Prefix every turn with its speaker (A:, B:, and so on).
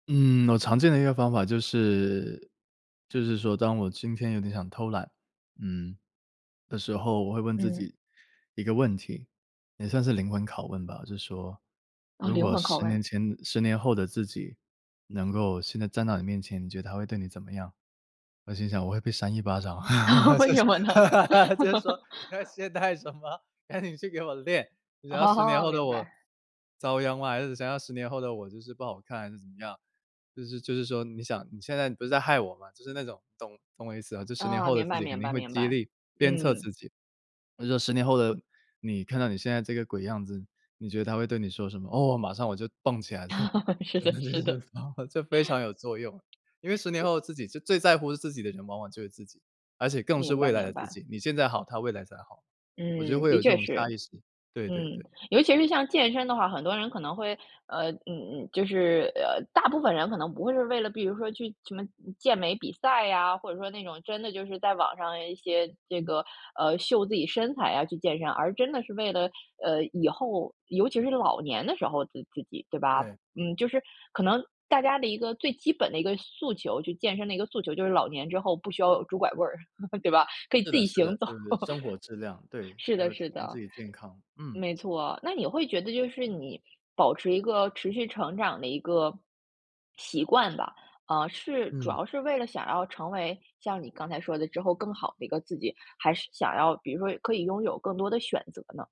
A: 嗯，我常见的一个方法就是就是说当我今天有点想偷懒，嗯，的时候，我会问自
B: 嗯。
A: 己一个问题，也算是灵魂拷问吧。就是说
B: 哦，
A: 如
B: 灵
A: 果
B: 魂拷
A: 10年
B: 问。
A: 前10年后的自己能够现在站到你面前，你觉得他会对你怎么样？我心想我会被扇一巴掌，我
B: 为
A: 就
B: 什
A: 是
B: 么呢？
A: 就是说你在 懈怠什么，赶紧去给我练，你要10年
B: 哦，
A: 后的
B: 明
A: 我
B: 白。
A: 遭殃吗还是想要10年后的我就是不好看还是怎么样。就是就是说你想你现在不是在害我吗？就是那种懂懂我意思吗，就10年
B: 啊，
A: 后的
B: 明
A: 自
B: 白
A: 己肯
B: 明
A: 定
B: 白
A: 会
B: 明
A: 激
B: 白。
A: 励、鞭策
B: 嗯。
A: 自己。我就说10年后的你看到你现在这个鬼样子，你觉得他会对你说什么？哦，马上我就蹦起来，就
B: 是的，是的。
A: 这非常有作用，因为10年
B: 对。
A: 后自己，就最在乎自己的人往往就是自己，而且更是
B: 明
A: 未
B: 白
A: 来
B: 明
A: 的自
B: 白。
A: 己，你现在好，他未来才好。我就
B: 嗯，
A: 会有
B: 的
A: 这
B: 确
A: 种
B: 是，
A: 差异性，对对
B: 嗯，
A: 对。
B: 尤其是像健身的话，很多人可能会呃，嗯，嗯，就是，呃，大部分人可能不会是为了比如说去什么健美比赛啊，或者说那种真的就是在网上一些这个，呃，秀自己身材啊去健身，而真的是为了，呃，以后尤其是老年的时候的自己，对吧，
A: 对。
B: 嗯，就是可能大家的一个最基本的一个诉求，就健身的一个诉求就是老年之后不需要拄拐棍儿，对吧？可以
A: 是
B: 自
A: 的
B: 己
A: 是的，
B: 行走。
A: 就是生活质量，对，
B: 是
A: 还
B: 的
A: 有提
B: 是
A: 升
B: 的。
A: 自己健康，嗯。
B: 没错，那你会觉得就是你保持一个持续成长的一个习惯吧，啊，是主
A: 嗯。
B: 要是为了想要成为像你刚才说的，之后更好的一个自己，还是想要比如说可以拥有更多的选择呢？